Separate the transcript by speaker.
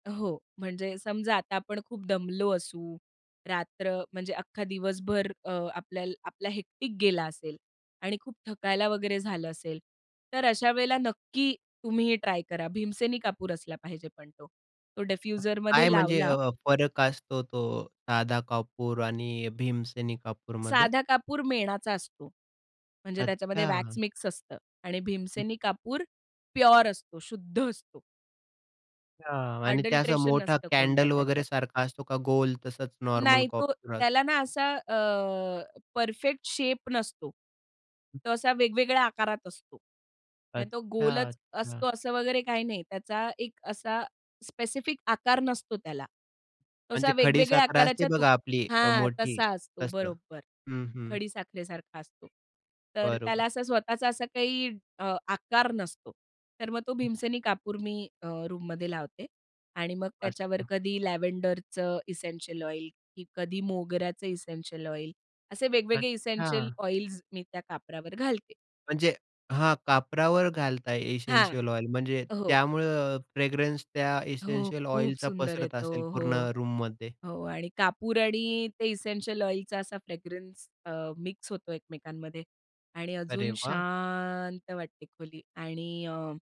Speaker 1: हो. म्हणजे समजा आता आपण खूप दमलो असू, रात्र म्हणजे अख्खा दिवसभर अ, आपल्याल आपला हेक्टिक गेला असेल आणि खूप थकायला वगैरे झालं असेल. तर अशा वेळेला नक्की तुम्ही हे ट्राय करा. भीमसेनी कापूर असला पाहिजे पण तो. तो
Speaker 2: अ, काय
Speaker 1: डिफ्युजरमध्ये
Speaker 2: म्हणजे
Speaker 1: लावला
Speaker 2: अ, फरक असतो तो साधा कापूर आणि भीमसेनी कापूरमध्ये?
Speaker 1: साधा कापूर मेणाचा असतो. म्हणजे त्याच्यामध्ये वॅक्स
Speaker 2: अच्छा.
Speaker 1: मिक्स असतं आणि
Speaker 2: हं.
Speaker 1: भीमसेनी कापूर प्युअर असतो, शुद्ध असतो.
Speaker 2: हां. आणि त्या असा
Speaker 1: अडल्टरेशन
Speaker 2: मोठा
Speaker 1: नसतं कोणतं
Speaker 2: कॅन्डल वगैरे
Speaker 1: त्याच्यात.
Speaker 2: सारखा असतो का गोल तसंच नॉर्मल
Speaker 1: नाही. तो
Speaker 2: कापूर अ
Speaker 1: त्याला ना असा अ, परफेक्ट शेप नसतो. तो असा वेगवेगळ्या आकारात असतो. म्हणजे तो
Speaker 2: अच्छा,
Speaker 1: गोलच
Speaker 2: अच्छा.
Speaker 1: असतो असं वगैरे काही नाही. त्याचा एक असा स्पेसिफिक आकार नसतो त्याला. तसा
Speaker 2: म्हणजे
Speaker 1: वेगवेगळ्या
Speaker 2: खडीसाखर असते
Speaker 1: आकाराच्या तुक
Speaker 2: बघा आपली
Speaker 1: हां.
Speaker 2: मोठी
Speaker 1: तसा असतो.
Speaker 2: तसं
Speaker 1: बरोबर
Speaker 2: हं, हं.
Speaker 1: खडीसाखरेसारखा असतो. तर त्याला
Speaker 2: बरोबर.
Speaker 1: असा स्वतःचा असा काही अ, आकार नसतो. तर मग तो भीमसेनी कापूर मी अ, रूममध्ये लावते आणि मग त्याच्यावर
Speaker 2: असतं.
Speaker 1: कधी लॅव्हेंडरचं इसेंशियल ऑइल, की कधी मोगऱ्याचं इसेंशियल ऑइल. असे वेगवेगळे इसेंशियल
Speaker 2: अच्छा.
Speaker 1: ऑइल्स मी त्या कापरावर घालते.
Speaker 2: म्हणजे हां, कापरावर घालताय
Speaker 1: हां.
Speaker 2: Essential oil. म्हणजे
Speaker 1: हो.
Speaker 2: त्यामुळे अ, फ्रॅग्रन्स त्या
Speaker 1: हो.
Speaker 2: इसेंशियल
Speaker 1: खूप
Speaker 2: ऑइलचा
Speaker 1: सुंदर आहे
Speaker 2: पसरत असेल
Speaker 1: तो.
Speaker 2: पूर्ण
Speaker 1: हो,
Speaker 2: रूममध्ये?
Speaker 1: हो. आणि कापूर आणि ते इसेंशियल ऑइलचा असा फ्रॅग्रन्स अ, मिक्स होतो एकमेकांमध्ये आणि
Speaker 2: अरे
Speaker 1: अजून
Speaker 2: वाह!
Speaker 1: शांत वाटते खोली. आणि अ